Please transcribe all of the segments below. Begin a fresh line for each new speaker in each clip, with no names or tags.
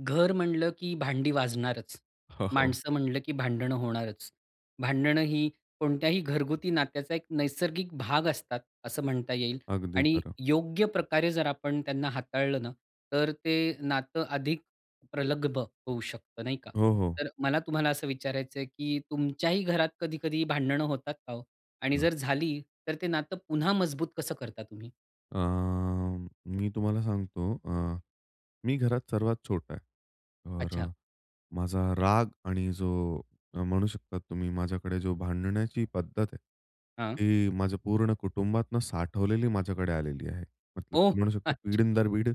घरं म्हणलं की भांडी वाजणारचं,
हा. हो.
माणसं म्हणलं की भांडणं होणारचं. भांडणं ही कोणत्याही घरगुती नात्याचा एक नैसर्गिक भाग असतात असं म्हणता येईल.
अगदी
आणि
खरं.
योग्य प्रकारे जर आपण त्यांना हाताळलं ना तर ते नातं अधिक प्रगल्भ होऊ शकत नाही का?
हो. हो.
तर मला तुम्हाला असं विचारायचं आहे, की तुमच्याही घरात कधी-कधी भांडणं होतात का हो? आणि
हां.
जर झाली तर ते नातं पुन्हा मजबूत कसं करता तुम्ही?
अ, मी तुम्हाला सांगतो, अ, मी घरात सर्वात छोटा आहे. तर,
अच्छा.
माझा राग आणि जो म्हणू शकता तुम्ही माझ्याकडे जो भांडण्याची पद्धत आहे.
हां.
ती माझं पूर्ण कुटुंबातून साठवलेली माझ्याकडे आलेली आहे. मतलब
ओ
म्हणू शकतो
अच्छा.
पिढीन दर पिढी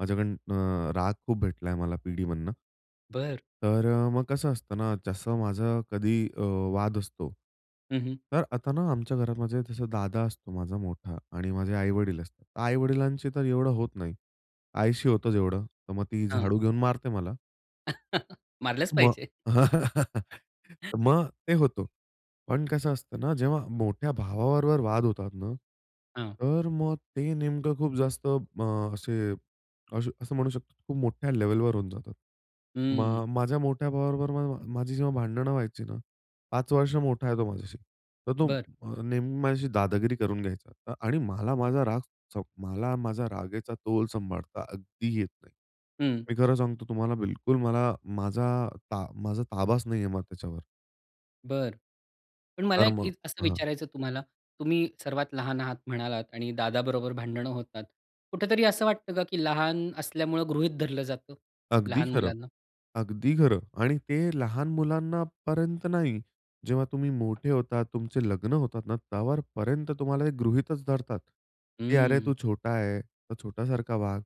माझ्याकडून अ, राग खूप भेटलायं मला पिढीमधनं.
बरं.
तर मग कसं असतं ना जसं माझं कधी अ, वाद असतो,
हं हं.
तर आता ना आमच्या घरामध्ये माझा दादा असतो, माझा मोठा आणि माझे आईवडील असतात. तर आई-वडिलांची तर एवढं होत नाही. आईशी होतं जेवढं तर मग ती
हां.
झाडू घेऊन मारते मला.
मारलचं
मग
पाहिजे. [unintelligible]
मग, ते होतं. पण कसं असतं ना जेव्हा मोठ्या भावाबरोबर वाद होतात ना,
हां.
तर मग ते नेमकं खूप जास्त मग असे असं म्हणू शकतो खूप मोठ्या लेव्हलवर होऊन जातात.
हम्म.
मग माझ्या मोठ्या भावाबरोबर माझी जेव्हा भांडणं व्हायची ना 5 वर्ष मोठा आहे तो माझ्याशी. तर तो
बरं.
अ, नेहमी माझ्याशी दादागिरी करून घ्यायचा आणि मला माझा राग चौ मला माझा रागेचा तोल सांभाळता अगदी येत नाही.
हम्म.
मी खरं सांगतो तुम्हाला बिलकुल मला माझा ता माझा ताबाच नाही आहे मग त्याच्यावर.
बरं. पण मला
तर
एक
मग
इत असं
हां.
विचारायचं तुम्हाला, तुम्ही सर्वात लहान आहात म्हणालात आणि दादाबरोबर भांडणं होतात. कुठेतरी असं वाटतं का की लहान असल्यामुळं गृहीत धरलं जातं,
अगदी
लहान
खरं.
मुलांना?
अगदी खरं. आणि ते लहान मुलांनापर्यंत नाही. जेव्हा तुम्ही मोठे होतात, तुमचे लग्न होतात ना त्यावरपर्यंत तुम्हाला ते गृहीतच धरतात की "अरे तू
हम्म.
छोटा आहे, तर छोटासारखा वाग."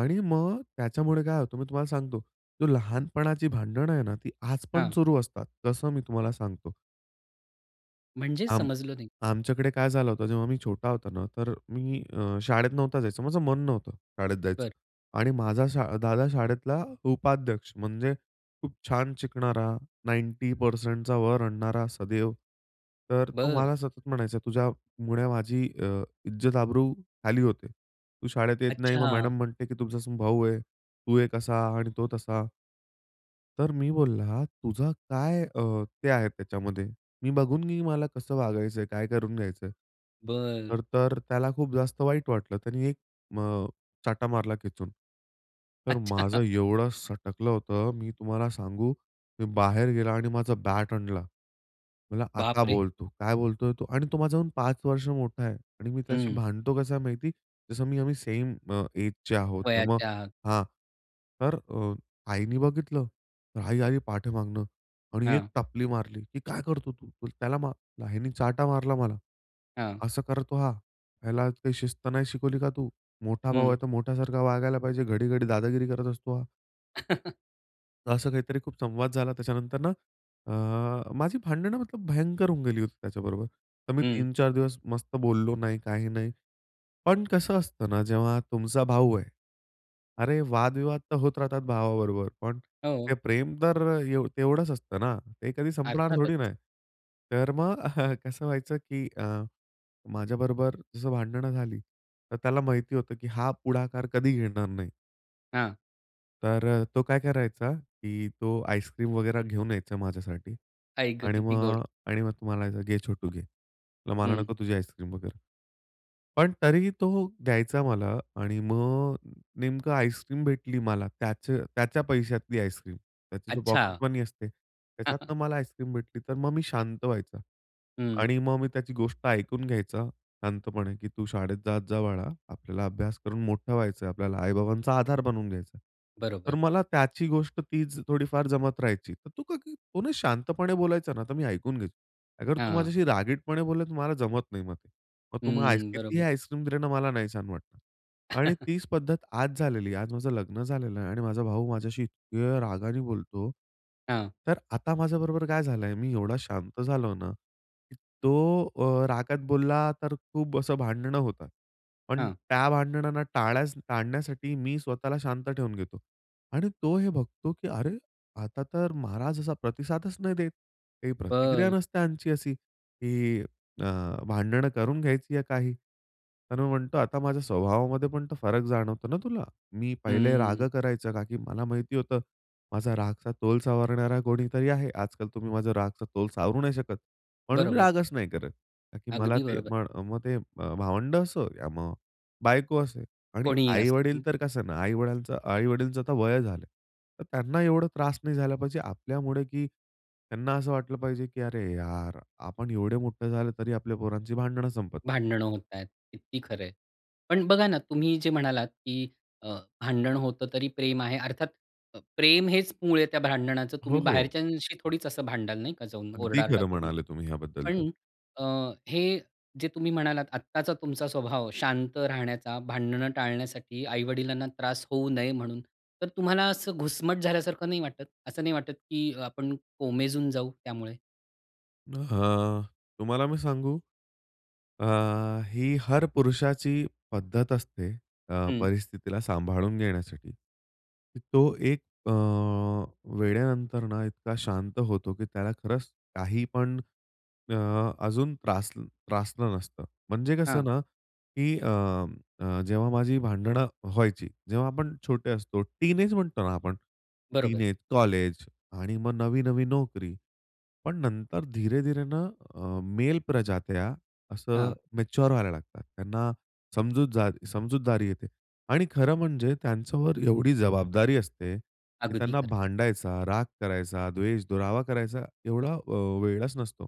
आणि मग त्याच्यामुळे काय होतं मी तुम्हाला सांगतो, तो लहानपणाची भांडणं आहे ना ती आज पण
हां.
सुरू असतात, तसं मी तुम्हाला सांगतो.
म्हणजे?
आम
समजलो नाही.
आमच्याकडे काय झालं होतं जेव्हा मी छोटा होता ना तर मी अ, शाळेत नव्हता जायचं, माझं मन नव्हतं; शाळेत
बरं.
जायचं. आणि माझा शा दादा शाळेतला उपाध्यक्ष, म्हणजे खूप छान शिकणारा, 90% वर आणणारा सदैव. तर तो
बरं.
मला सतत म्हणायचा तुझ्यामुळे माझी अ, इज्जत आब्रू खाली होते. तू शाळेत येत नाही. मग
अच्छा.
मॅडम म्हणते की तुमचा स भाऊ आहे, तू एक असा आणि तो तसा. तर मी बोलला, "तुझा काय अ, ते आहे त्याच्यामध्ये? मी बघून नी मला कसं वागायचंय? काय करून घ्यायचंय?"
बरं.
तर तर, त्याला खूप जास्त वाईट वाटलं, त्यांनी 1 मग चाटा मारला खेचून. तर
अच्छा.
माझं एवढं सटकलं होतं मी तुम्हाला सांगू, मी बाहेर गेला आणि माझा बॅट आणला. म्हणला,
बाप
"आता
रे!
बोल तू. काय बोलतोय तू?" आणि तो माझाहून पाच वर्ष मोठा आहे आणि मी त्याशी
हम्म.
भांडतो कसं आहे माहिती? जसं मी आम्ही सेम अ, एजचे आहोत किंवा मग
वयाच्या आत.
हां, तर अ, आईने बघितलं. तर आई आली पाठी मागनं आणि एक
हां.
टपली मारली की, "काय करतो तू? त्याला मार" आईनी चाटा मारला मला.
हां.
असं करतो हा, ह्याला काही शिस्त नाही शिकवली का तू? मोठा भाऊ
हं.
आहे; तो मोठ्यासारखा वागायला पाहिजे, घडी-घडी दादागिरी करत असतो हा." असं काहीतरी खूप संवाद झाला त्याच्यानंतर ना अ, माझी भांडणं मतलब भयंकर होऊन गेली होती त्याच्याबरोबर, तर मी
हं.
3-4 दिवस मस्त बोललो नाही, काही नाही. पण कसं असतं ना जेव्हा तुमचा भाऊ आहे अरे वादविवाद तर होत राहतात भावाबरोबर पण ते
हो.
प्रेम तर एव तेवढंच असतं ना, ते कधी संपणार
अर्थातच.
थोडी ना आहे. तर मग कसं व्हायचं की अ, माझ्याबरोबर जसं भांडणं झाली तर त्याला माहिती होतं की हा पुढाकार कधी घेणार नाही.
हां.
तर अ, तो काय करायचा की तो आईस्क्रीम वगैरे घेऊन यायचा माझ्यासाठी
आई गं!
आणि
किती गोड!
मग आणि मग तो म्हणायचा, "घे छोटू घे." म्ह "मला
हं.
नको तुझी आईस्क्रीम वगैरे." पण तरीही तो द्यायचा मला आणि मग नेमकं आईस्क्रीम भेटली मला त्याच त्याच्या पैशातली आईस्क्रीम. त्याची जो
अच्छा.
पॉकेटमनी असते, त्याच्यातनं मला आईस्क्रीम भेटली तर मग मी शांत व्हायचा
हं.
आणि मग मी त्याची गोष्ट ऐकून घ्यायचा शांतपणे की "तू शाळेत जात जा बाळा. आपल्याला अभ्यास करून मोठं व्हायचंय, आपल्याला आई-बाबांचा आधार बनवून घ्यायचा आहे." तर
बरोबर.
मला त्याची गोष्ट तीच थोडीफार जमत राहायची, तर तू का की तो ना शांतपणे बोलायचा ना तर मी ऐकून घ्यायचो. अगर तू
हां.
माझ्याशी रागीटपणे बोलला तर मला जमत नाही मग. तर मग तू आइस
हम्म,
कितीही
बरोबर.
आईस्क्रीम दिलं ना मला, नाही छान वाटणार. आणि तीच पद्धत आज झालेली आहे, आज माझं लग्न झालेलं आहे आणि माझा भाऊ माझ्याशी इतक्या रागाने बोलतो.
हां.
तर आता माझ्याबरोबर काय झालंय, मी एवढा शांत झालो ना, तो अ, रागात बोलला तर खूप असं भांडणं होतात. पण
हां.
त्या भांडणांना टाळ्या टाळण्यासाठी मी स्वतःला शांत ठेवून घेतो आणि तो हे बघतो की अरे! आता तर महाराज असा प्रतिसादच नाही देत, काही प्रतिक्रिया
बरं.
नसते ह्यांची अशी की अ, भांडणं करून घ्यायची आहे काही. तर मी म्हणतो आता माझ्या स्वभावामध्ये पण तो फरक जाणवतो ना तुला? मी पहिले राग
हम्म.
करायचं का की मला माहिती होतं माझा रागचा तोल सावरणारा कोणीतरी आहे. आजकाल तुम्ही माझा रागचा तोल सावरू नाही शकत, म्हणून मी
बरोबर.
रागच नाही करत. कारण की मला
अगदी
ते
बरोबर.
मग मग ते म भावंडं असो या मग बायको असो. आणि
कोणीही
आई-वडील
असो.
तर कसं ना आई-वडालच आई-वडीलांचं आता वय झालं, तर त्यांना एवढा त्रास नाही झाला पाहिजे आपल्यामुळे की त्यांना असं वाटलं पाहिजे की "अरे यार! आपण एवढे मोठे झाले तरी आपल्या पोरांची भांडणं संपत नाहीत."
भांडणं होतायेत. किती खरं आहे. पण बघा ना, तुम्ही जे म्हणालात की अ, भांडण होतं तरी प्रेम आहे, अर्थात अ प्रेम हेच मूळ आहे त्या भांडणाचं.
हो,
तुम्ही
हो.
बाहेरच्यांशी थोडीच असं भांडाल, नाही का, जाऊन
अगदी
ओरडा-आरडा
खरं
करून?
म्हणाले तुम्ही ह्याबद्दल तर.
पण अ, हे जे तुम्ही म्हणालात आत्ताचा तुमचा स्वभाव शांत राहण्याचा, भांडणं टाळण्यासाठी आई-वडिलांना त्रास होऊ नये म्हणून, तर तुम्हाला असं घुसमट झाल्यासारखं नाही वाटत? असं नाही वाटत की आपण कोमेजून जाऊ त्यामुळे?
हं, तुम्हाला मी सांगू? अ, ही हर पुरुषाची पद्धत असते अ,
हं.
परिस्थितीला सांभाळून घेण्यासाठी. तो एक अ, वेळेनंतर ना इतका शांत होतो की त्याला खरंच काहीपण अ अजून त्रासल त्रासलं नसतं म्हणजे कसं
हां.
ना की अ, जेव्हा माझी भांडणं व्हायची जेव्हा आपण छोटे असतो, टिन एज म्हणतो ना आपण, टिन
बरोबर.
एज, कॉलेज आणि मग नवी-नवी नोकरी. पण नंतर धीरे-धीरे ना अ, मेल प्रजात्या असं
हां.
मॅच्युअर व्हायला लागतात. त्यांना समजूतजा समजूतदारी येते आणि खरं म्हणजे त्यांच्यावर एवढी जबाबदारी असते की
अगदी
त्यांना
खरं.
भांडायचा, राग करायचा, द्वेष, दुरावा करायचा एवढा अ, वेळच नसतो.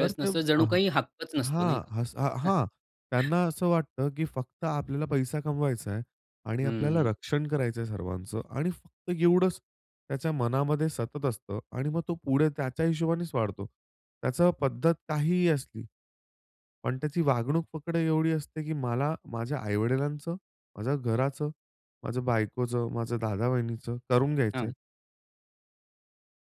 तर ते,
नसतो,
अ
जणू काही हक्कच नसतो, नाही
हां,
का?
असं हां, त्यांना असं वाटतं की फक्त आपल्याला पैसा कमवायचा आहे आणि आपल्याला
हम्म.
रक्षण करायचं आहे सर्वांचं आणि फक्त एवढंच त्याच्या मनामध्ये सतत असतं आणि मग तो पुढे त्याच्या हिशोबानेच वाढतो. त्याचं पद्धत काहीही असली, पण त्याची वागणूक फक्त एवढी असते की मला माझ्या आईवडिलांचं, माझ्या घराचं, माझ्या बायकोचं, माझ्या दादा-वहिनीचं करून
हां.
घ्यायचंय.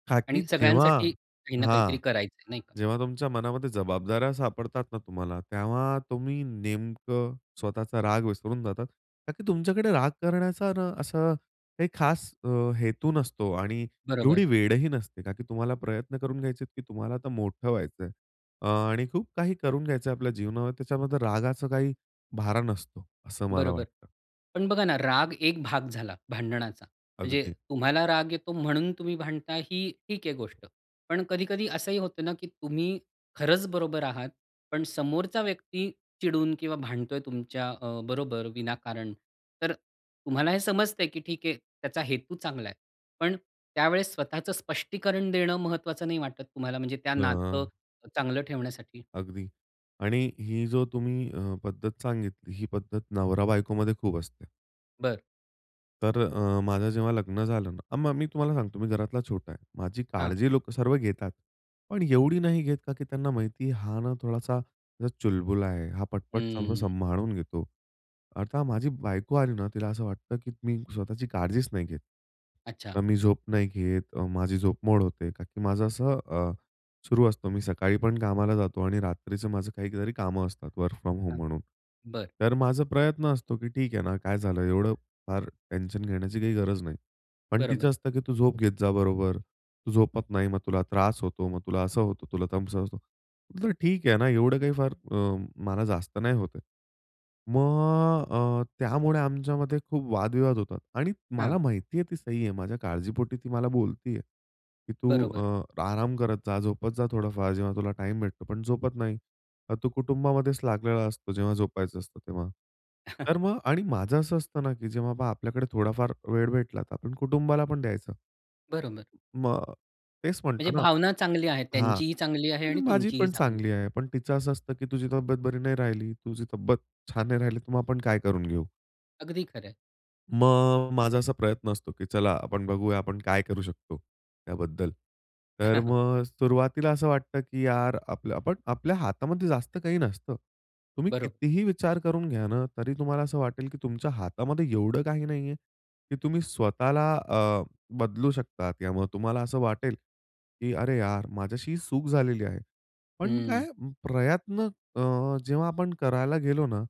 का की
आणि
जेव्हा
सगळ्यांसाठी काही ना काहीतरी
हां,
करायचं, आहे नाही का?
जेव्हा तुमच्या मनामध्ये जबाबदाऱ्या सापडतात ना तुम्हाला, तेव्हा तुम्ही नेमकं स्वतःचा राग विसरून जातात. कारण की तुमच्याकडे राग करण्याचा ना असं काही खास अ, हेतू नसतो आणि
बरोबर.
एवढी वेळ ही नसते. का की तुम्हाला प्रयत्न करून घ्यायचे आहेत, की तुम्हाला तर मोठं व्हायचंय आणि खूप काही करून घ्यायचं आहे आपल्या जीवनामध्ये, त्याच्यामध्ये रागाचा काही भारा नसतो. असं मला
बरोबर
वाटतं.
पण बघा ना राग एक भाग झाला भांडणाचा. म्हणजे
अगदी.
तुम्हाला राग येतो म्हणून तुम्ही भांडता ही ठीक आहे गोष्ट. पण कधी कधी असंही होतं ना की तुम्ही खरंच बरोबर आहात पण समोरचा व्यक्ती चिडून किंवा भांडतोय तुमच्या अ, बरोबर, विनाकारण. तर तुम्हाला हे समजतंय की ठीक आहे त्याचा हेतू चांगला आहे. पण त्यावेळेस स्वतःचं स्पष्टीकरण देणं महत्त्वाचं नाही वाटत तुम्हाला, म्हणजे त्या नातं
अ
चांगलं ठेवण्यासाठी?
अगदी आणि ही जो तुम्ही अ, पद्धत सांगितली, ही पद्धत नवरा बायकोमध्ये खूप असते.
बरं.
तर अ, माझं जेव्हा लग्न झालं ना, मग मी तुम्हाला सांगतो मी घरातला छोटा आहे. माझी
हां.
काळजी लोकं सर्व घेतात. पण एवढी नाही घेत का की त्यांना माहिती हा ना थोडासा चुलबुला आहे, हा पटपट सगळं
हं.
संभाळून घेतो. आता माझी बायको आली ना, तिला असं वाटतं की मी स्वतःची काळजीच नाही घेत.
अच्छा.
अ, मी झोप नाही घेत, अ, माझी झोप मोड होते कारण की माझं असं अ, सुरु असतो. मी सकाळी पण कामाला जातो आणि रात्रीचं माझं काहीतरी कामं असतात वर्क फ्रॉम होम म्हणून.
बरं.
तर माझा प्रयत्न असतो की ठीक आहे ना, काय झालं? एवढं फार टेन्शन घेण्याची काही गरज नाही. पण तिचं
बरोबर.
असतं की, "तू झोप घेत जा बरोबर. तू झोपत नाही मग तुला त्रास होतो, मग तुला असं होतं तुला तसं होतं." म्हटलं, "ठीक आहे ना, एवढं काही फार म मला जास्त नाही होतंय." मग अ, त्यामुळे आमच्यामध्ये खूप वादविवाद होतात आणि
हां.
मला माहिती आहे ती सही आहे. माझ्या काळजीपोटी ती मला बोलती आहे की, "तू
बरोबर.
अ, आराम करत जा, झोपत जा थोडाफार जेव्हा तुला टाईम भेटतो, पण झोपत नाही. तू कुटुंबामध्येच लागलेला असतो जेव्हा झोपायचं असतं तेव्हा." तर मग आणि माझं असं असतं ना की जेव्हा बा, पहा आपल्याकडे थोडा फार वेळ भेटला तर आपण कुटुंबाला पण द्यायचं.
बरोबर.
मग तेच
म्हणजे
म्हणतो ना
भावना चांगली आहे,
हां,
त्यांचीही चांगली आहे
आणि
आणि
माझी
तुमचीही
पण
चांगली आहे.
चांगली आहे. पण तिचं असं असतं की तुझी तब्येत बरी नाही राहिली, तुझी तब्येत छान नाही राहिली तुम्हा आपण काय करून घेऊ?
अगदी खरं आहे.
मग, माझा असा प्रयत्न असतो की चला आपण बघूया आपण काय करू शकतो त्याबद्दल. तर मग सुरुवातीला असं वाटतं की "यार, आपल्य आपण आपल्या हातामध्ये जास्त काही नसतं." तुम्ही
बरोबर.
कितीही विचार करून घ्या ना, तरी तुम्हाला असं वाटेल की तुमच्या हातामध्ये एवढं काही नाहीये की तुम्ही स्वतःला अ, बदलू शकता किंवा मग तुम्हाला असं वाटेल की "अरे यार! माझ्याशी ही चुक झालेली आहे." पण
हम्म.
काय प्रयत्न अ, जेव्हा आपण करायला गेलो ना,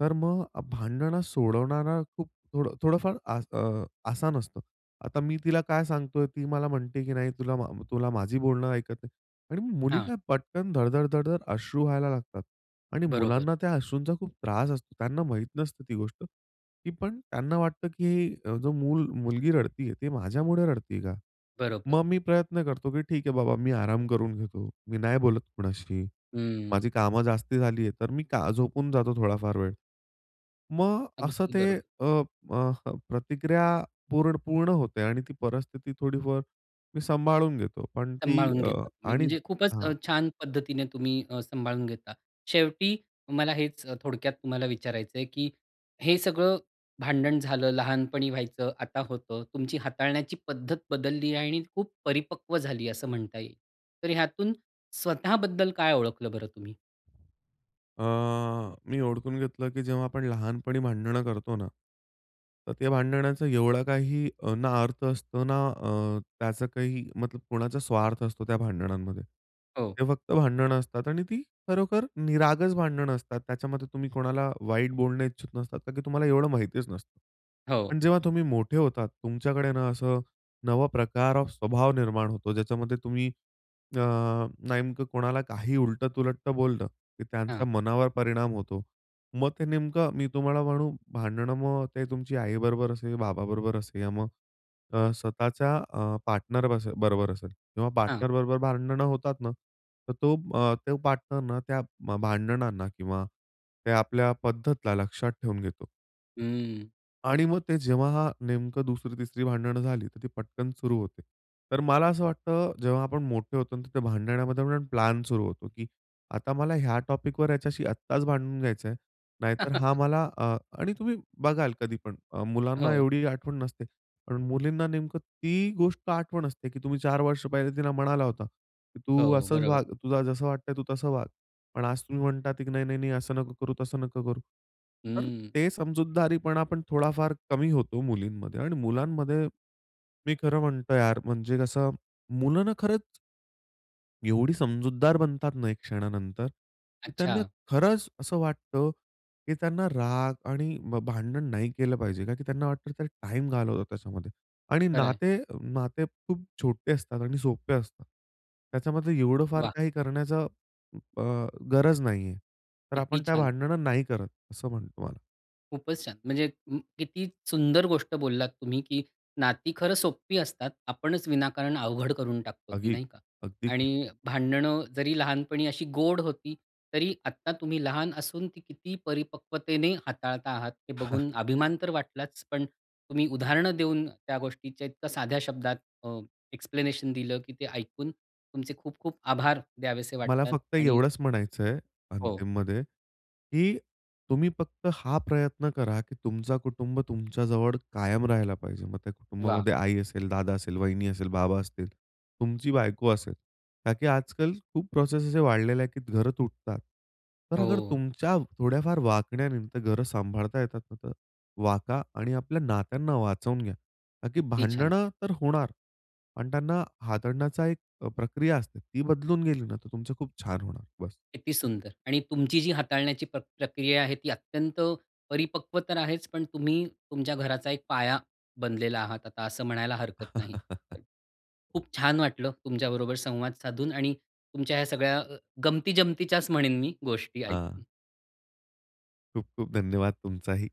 तर मग अ, भांडणं सोडवणारा खूप थोडं थोडंफार आस अ, आसान असतं. आता मी तिला काय सांगतोय, ती मला म्हणते की "नाही तुला म तुला माझी बोलणं ऐकत नाही" आणि मुली
हां.
काय पटकन, धडधड-धडधड अश्रू वहायला लागतात आणि
बरोबर.
मुलांना त्या अश्रूंचा खूप त्रास असतो. त्यांना माहीत नसतं ती गोष्ट, तरी पण त्यांना वाटतं की अ, "जो मूल मुलगी रडतीये ती माझ्यामुळे रडतीय का?"
बरोबर.
मग मी प्रयत्न करतो की ठीक आहे बाबा, मी आराम करून घेतो, मी नाही बोलत कोणाशी.
हम्म.
माझी कामं जास्ती झालीय तर मी का झोपून जातो थोडाफार वेळ. मग असं
अगदी
ते
बरोबर.
अ, अ, प्रतिक्रिया पूर्ण पूर्ण होते आणि ती परिस्थिती थोडीफार मी सांभाळून घेतो. पण ती
सांभाळून
अ,
घेता तुम्ही,
आणि
म्हणजे खूपच
हां.
अ, छान पद्धतीने तुम्ही अ, सांभाळून घेता. शेवटी मला हेच अ, थोडक्यात तुम्हाला विचारायचं आहे की हे सगळं भांडण झालं, लहानपणी व्हायचं, आता होतं, तुमची हाताळण्याची पद्धत बदलली आहे आणि खूप परिपक्व झाली, असं म्हणता येईल. तर यातून, स्वतःबद्दल काय ओळखलं बरं तुम्ही?
अ, मी ओडखून घेतलं की जेव्हा आपण लहानपणी भांडणं करतो ना, तर त्या भांडणाचा एवढा काह अ, ना अर्थ असतो ना, अ, त्याचं काही मतलब कोणाचा स्वार्थ असतो त्या भांडणांमध्ये.
हो.
ते फक्त भांडणं असतात आणि ती खरोखर निरागस भांडणं असतात. त्याच्यामध्ये तुम्ही कोणाला वाईट बोलणं इच्छूक नसतात कारण की तुम्हाला एवढं माहितीच नसतं.
हो.
पण जेव्हा तुम्ही मोठे होतात तुमच्याकडे ना असं नवा प्रकार ऑफ स्वभाव निर्माण होतो. ज्याच्यामध्ये तुम्ही अ, नेमकं कोणाला काही उलट-तुलट बोललं की त्यांचा
हां.
मनावर परिणाम होतो. मग ते नेमकं मी तुम्हाला म्हणू, भांडणं मग ते तुमची आई बरोबर असेल बाबा बरोबर असेल, या मग अ, स्वतःच्या अ, पार्टनर बसेल बरोबर असेल किंवा
हां.
पार्टनर बरोबर भांडणं होतात ना? तर तो अ, तो पार्टनरना त्या भांडणांना किंवा त्या आपल्या पद्धतला लक्षात ठेवून घेतो.
हं.
आणि मग ते जेव्हा हा नेमकं २री- ३री भांडणं झाली तर ती पटकन सुरू होते. तर मला असं वाटतं, जेव्हा आपण मोठे होतो ना तर त्या भांडणामध्ये पण प्लॅन सुरू होतो की आता मला ह्या टॉपिकवर याच्याशी आत्ताच भांडून घ्यायचंयं. नाहीतर हा मला अ आणि तुम्ही बघाल कधीपण मुलांना
हो.
एवढी आठवण नसते. पण मुलींना नेमकं ती गोष्ट आठवण असते की तुम्ही ४ वर्ष पहिले तिला म्हणाला होता की, "तू
हो,
असंच
बरोबर.
वाग, तुला जसं वाटतंय तू तसं वाग." पण आज तुम्ही म्हणतात आहे की, "नाही-नाही-नाही, असं नको करू, तसं नको करू." तर
हं.
ते समजूतदारीपणा आपण थोडाफार कमी होतो मुलींमध्ये आणि मुलांमध्ये मी खरं म्हणतो यार म्हणजे कसं? मुलं ना खरंच. एवढी समजूतदार बनतात ना, एक क्षणानंतर. त्यांना
अच्छा.
खरंच असं वाटतं की त्यांना राग आणि भ भांडण नाही केलं पाहिजे. का की त्यांना वाटतं त्या टाईम घालवतात त्याच्यामध्ये आणि
खरं आहे.
नाते अ, नाते खूप छोटे असतात आणि सोपे असतात. त्याच्यामध्ये एवढं फार
वाह!
काही करण्याच अ, गरज नाहीये. तर
किती
आपण त्या
छान!
भांडणं नाही करत असं म्हणतो तुम्हाला.
खूपच छान. म्हणजे उम्म, किती सुंदर गोष्ट बोललात तुम्ही की नाती खरं सोप्पी असतात, आपणच विनाकारण अवघड करून टाकतो ती
अगदी.
नाही का?
अगदी खरं.
आणि भांडणं जरी लहानपणी अशी गोड होती तरी आत्ता तुम्ही लहान असून ती किती परिपक्वतेने हाताळता आहात हे बघून अभिमान तर वाटलाच पण तुम्ही उदाहरणं देऊन त्या गोष्टीच्या इतका साध्या शब्दात अ, एक्सप्लेनेशन दिलं की ते ऐकून तुमचे खूप खूप आभार द्यावेसे
मला
वाटतात
फक्त
आणि
एवढंच म्हणायचंय,
हो.
अंतिममध्ये की तुम्ही फक्त हा प्रयत्न करा की तुमचं कुटुंब तुमच्या जवळ कायम राहिला पाहिजे. मग त्या
वाह!
कुटुंबामध्ये आई असेल, दादा असेल, वहिनी असेल, बाबा असतील, तुमची बायको असेल ताकि आजकाल खूप प्रोसेस असे वाढलेले आहे की घरं तुटतात. तर अगर
हो.
तुमच्या थोड्याफार वागण्याने ते घरं सांभाळता येतात ना तर वाका आणि आपल्या नात्यांना वाचवून घ्या. ताकि
कित्ती छान!
भांडणं तर होणार. पण त्यांना हाताळण्याचा एक प्रक्रिया असते. ती बदलून गेली ना तर तुमचं खूप छान होणार, बस.
किती सुंदर! आणि तुमची जी हाताळण्याची प्रक्रिया आहे ती अत्यंत परिपक्व तर आहेच पण तुम्ही तुमच्या घराचा एक पाया बनलेला आहात आता असं म्हणायला हरकत नाही. खूप छान वाटलं तुमच्याबरोबर संवाद साधून आणि तुमच्या ह्या सगळ्या गमती-जमतीच्याच म्हणेन मी, गोष्टी
हां.
ऐकून.
खूप खूप धन्यवाद तुमचाही.